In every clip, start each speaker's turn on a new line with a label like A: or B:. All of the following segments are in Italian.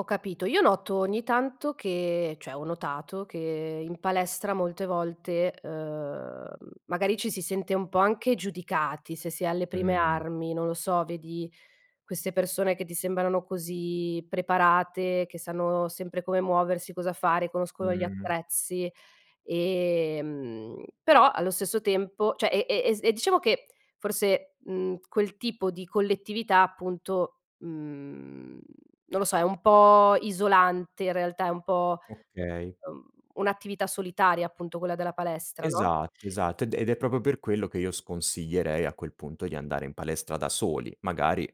A: Ho capito, io noto ogni tanto che cioè, ho notato che in palestra molte volte, uhm, magari ci si sente un po' anche giudicati, se sei alle prime
B: Mh.
A: armi. Non lo so, vedi queste persone che ti sembrano così preparate, che sanno sempre come muoversi, cosa fare, conoscono gli
B: Mh.
A: attrezzi e, mhmm, però allo stesso tempo, cioè e e e s e diciamo che forse, mhmm, quel tipo di collettività appunto, mhmm, non lo so, è un po' isolante in realtà, è un po',
B: Okay.
A: uhm, un'attività solitaria appunto quella della palestra, no?
B: Esatto, esatto. Ed è ed è proprio per quello che io sconsiglierei a quel punto di andare in palestra da soli. Magari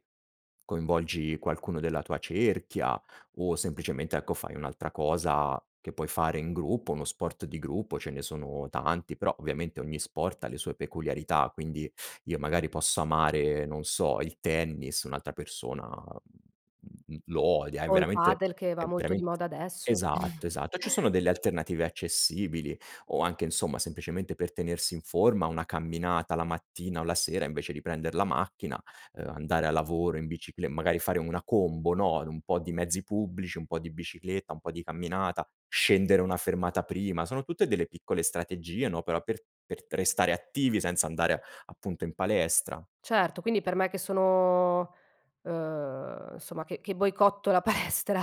B: coinvolgi qualcuno della tua cerchia, o semplicemente, ecco, fai un'altra cosa che puoi fare in gruppo, uno sport di gruppo, ce ne sono tanti, però ovviamente ogni sport ha le sue peculiarità; quindi io magari posso amare, non so, il tennis, un'altra persona, mhmm, mhmm, l lo odia. È
A: O il
B: veramente
A: padel che va
B: è
A: molto di
B: verament
A: moda adesso.
B: esatto, esatto. Ci sono delle alternative accessibili o anche, insomma, semplicemente per tenersi in forma una camminata la mattina o la sera invece di prender la macchina, uhm, andare a lavoro in biciclet magari fare una combo, no, un po' di mezzi pubblici, un po' di bicicletta, un po' di camminata, scendere una fermata prima, sono tutte delle piccole strategie, no, però per per restare attivi senza andare appunto in palestra.
A: Certo, quindi per me che sono uhm, insomma, che che boicotto la palestra,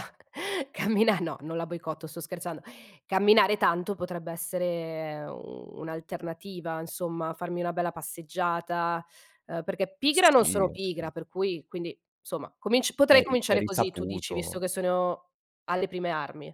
A: cammina no, non la boicotto, sto scherzando. Camminare tanto potrebbe essere, ehm, un'alternativa, insomma, farmi una bella passeggiata, ehm, perché pigra non
B: Sì,
A: sono
B: e
A: pigra, per cui, quindi, insomma, cominc potrei
B: È ri è
A: cominciare così, tu dici, visto
B: risaputo.
A: che sono alle prime armi.